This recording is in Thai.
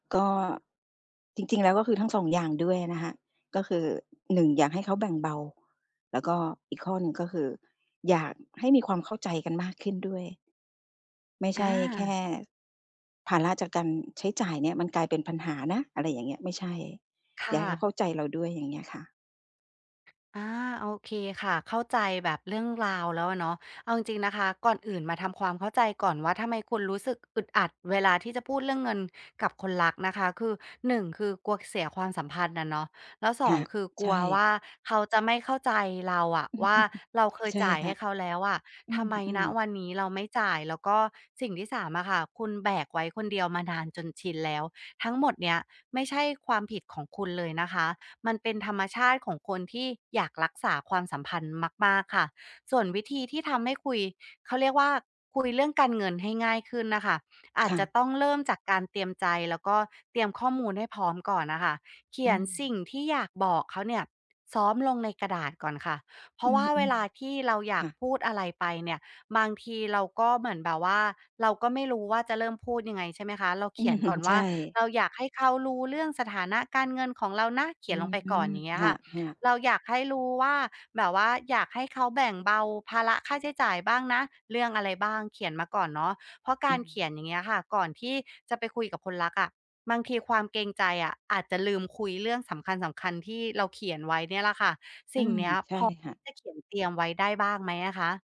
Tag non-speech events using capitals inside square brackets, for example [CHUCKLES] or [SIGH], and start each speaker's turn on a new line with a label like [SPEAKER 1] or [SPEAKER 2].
[SPEAKER 1] ก็จริง ๆ แล้ว ก็คือทั้ง 2 อย่างด้วยนะคะ ก็คือ 1 อยากให้เขาแบ่งเบา แล้วก็อีกข้อหนึ่งก็คือ อยากให้มีความเข้าใจกันมากขึ้นด้วย ไม่ใ
[SPEAKER 2] อ
[SPEAKER 1] ช่แค่
[SPEAKER 2] า
[SPEAKER 1] ภาระจากการใช้จ่ายเนี่ยมันกลายเป็นปัญหานะ อะไรอย่างเงี้ย ไม่ใช่
[SPEAKER 2] ค
[SPEAKER 1] อย
[SPEAKER 2] ่
[SPEAKER 1] ากให้เขา
[SPEAKER 2] ะ
[SPEAKER 1] เข้าใจเราด้วย อย่างเงี้ยค่ะ
[SPEAKER 2] อา โอเคค่ะ เข้าใจแบบเรื่องราวแล้วอะเนาะ เอาจริง ๆ นะคะ ก่อนอื่นมาทำความเข้าใจก่อนว่า ทำไมคุณรู้สึกอึดอัดเวลาที่จะพูดเรื่องเงินกับคนรักนะคะ คือ 1 คือกลัวเสียความสัมพันธ์อะเนาะ แล้ว ส
[SPEAKER 1] ค
[SPEAKER 2] อ
[SPEAKER 1] ่
[SPEAKER 2] ง
[SPEAKER 1] ะ
[SPEAKER 2] คือก
[SPEAKER 1] ใช
[SPEAKER 2] ลัวว
[SPEAKER 1] ่
[SPEAKER 2] ่าเขาจะไม่เข้าใจเราอะว่า
[SPEAKER 1] [CHUCKLES]
[SPEAKER 2] เราเคย
[SPEAKER 1] ใช่
[SPEAKER 2] จ่าย
[SPEAKER 1] ค
[SPEAKER 2] ใ
[SPEAKER 1] ่
[SPEAKER 2] ห
[SPEAKER 1] ะ
[SPEAKER 2] ้เขาแล้วอะ
[SPEAKER 1] อ
[SPEAKER 2] ทำไม
[SPEAKER 1] ื
[SPEAKER 2] ณ
[SPEAKER 1] อ ๆ
[SPEAKER 2] วันนี้เราไม่จ่าย แล้วก็สิ่งที่ 3 อะค่ะ คุณแบกไว้คนเดียวมานานจนชินแล้ว ทั้งหมดเนี้ยไม่ใช่ความผิดของคุณเลยนะคะ มันเป็นธรรมชาติของคนที่อยากรักษาความสัมพันธ์มาก ๆ ค่ะ ส่วนวิธีที่ทำให้คุย เขาเรียกว่า คุยเรื่องการเงินให้ง่ายขึ้นน่ะค่ะ อา
[SPEAKER 1] ค
[SPEAKER 2] จ
[SPEAKER 1] ่
[SPEAKER 2] จะ
[SPEAKER 1] ะ
[SPEAKER 2] ต้องเริ่มจากการเตรียมใจ แล้วก็เตรียมข้อมูลให้พร้อมก่อนอะค่ะ เขี
[SPEAKER 1] อื
[SPEAKER 2] ยน
[SPEAKER 1] อ
[SPEAKER 2] สิ่งที่อยากบอกเขาเนี่ยซ้อมลงในกระดาษก่อนค่ะ เพร
[SPEAKER 1] อ
[SPEAKER 2] า
[SPEAKER 1] ื
[SPEAKER 2] ะว่าเว
[SPEAKER 1] อ
[SPEAKER 2] ลาที่เราอย
[SPEAKER 1] ๆ ค
[SPEAKER 2] าก
[SPEAKER 1] ่ะ
[SPEAKER 2] พูดอะไรไปเนี่ย บางทีเราก็เหมือนแบบว่า เราก็ไม่รู้ว่าจะเริ่มพูดยังไง ใช่ไหมคะ เรา
[SPEAKER 1] อ
[SPEAKER 2] เ
[SPEAKER 1] ื
[SPEAKER 2] ขีย
[SPEAKER 1] อ
[SPEAKER 2] น
[SPEAKER 1] ฮึ
[SPEAKER 2] ก่อน
[SPEAKER 1] ใ
[SPEAKER 2] ว
[SPEAKER 1] ช
[SPEAKER 2] ่
[SPEAKER 1] ่
[SPEAKER 2] า เราอยากให้เขารู้เรื่องสถานะการเงินของเรานะ เข
[SPEAKER 1] อ
[SPEAKER 2] ี
[SPEAKER 1] ื
[SPEAKER 2] ยนล
[SPEAKER 1] อ
[SPEAKER 2] งไป
[SPEAKER 1] ฮึ
[SPEAKER 2] ก่อน อย่างเงี้
[SPEAKER 1] ค
[SPEAKER 2] ยค่ะ
[SPEAKER 1] ่ะ ๆ
[SPEAKER 2] เราอยากให้รู้ว่าแบบว่าอยากให้เขาแบ่งเบาภาระค่าใช้จ่ายบ้างนะ เรื่องอะไรบ้าง เขียนมาก่อนเนาะ เพราะก
[SPEAKER 1] อื
[SPEAKER 2] ารเข
[SPEAKER 1] ม
[SPEAKER 2] ียนอย่างเงี้ยค่ะ ก่อนที่จะไปคุยกับคนรักอะ บางทีความเกรงใจอะอาจจะลืมคุยเรื่องสำคัญ ๆ ที่เราเขียนไว้เนี่ยล่ะค่ะ
[SPEAKER 1] อ
[SPEAKER 2] ส
[SPEAKER 1] ื
[SPEAKER 2] ิ่ง
[SPEAKER 1] ม
[SPEAKER 2] เนี้ย
[SPEAKER 1] ใช่
[SPEAKER 2] พอ
[SPEAKER 1] ค่ะ
[SPEAKER 2] ได้เขียนเตรียมไว้ได้บ้างไหมอะคะ?